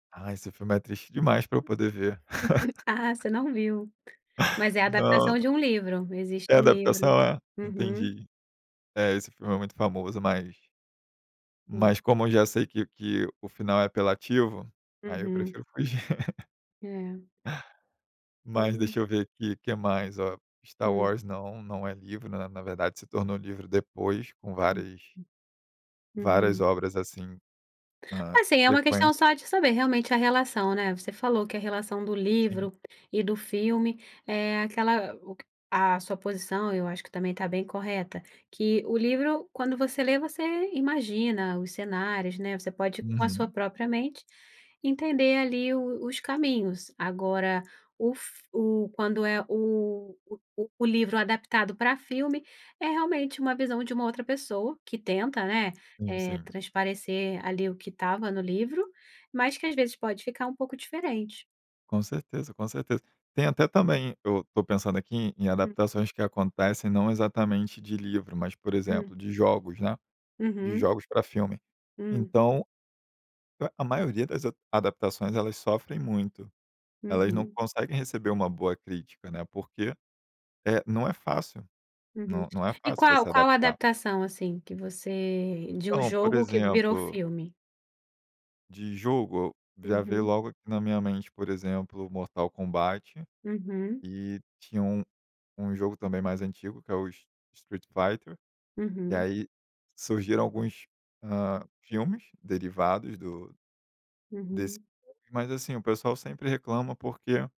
Ah, esse filme é triste demais, pra eu poder ver. Ah, você não viu? Mas, é Não, adaptação não. de um livro. Existe É um livro. adaptação, é? Uhum. Entendi. É, esse filme é muito famoso, mas Sim. mas como eu já sei que que o final é apelativo, aí eu Uhum. prefiro fugir. É. Mas, Sim. deixa eu ver aqui, que mais, ó. Star Hum. Wars, não, não é livro. Na na verdade se tornou livro depois, com Uhum. várias várias Uhum. obras, assim, na Assim, é uma questão sequência. só de saber, realmente, a relação, né. Você falou que a relação do Sim. livro e do filme é aquela, o q A sua posição, eu acho que, também, tá bem correta, que o livro, quando você lê, você imagina os cenários, né. Você pode, com a sua Uhum. própria mente, entender, ali, o os caminhos. Agora, o f o quando é o o o livro adaptado pra filme, é realmente uma visão de uma outra pessoa, que tenta, né, Sim. eh, Sim. transparecer, ali, o que estava no livro, mas que, às vezes, pode ficar um pouco diferente. Com certeza. Com certeza. Tem, até, também, eu tô pensando aqui, em Hum. adaptações que acontecem não exatamente, de livro, mas, por Hum. exemplo, de jogos, né. De Uhum. jogos pra filme. Hum. Então, a a maioria das a adaptações elas sofrem muito. Elas não Uhum. conseguem receber uma boa crítica, né, porque, eh, não é fácil, Uhum. não não é E fácil qual você qual adaptar. adaptação, assim, que você de um Então, por jogo, que virou exemplo filme? de jogo, o, já veio Uhum. logo aqui na minha mente, por exemplo, Mortal Kombat, Uhum. e tinha um um jogo também, mais antigo, que é o s Street Fighter. E, Uhum. aí, surgiram alguns, hã, filmes derivados do desse,. Uhum. [unintelligible] Mas, assim, o pessoal sempre reclama porque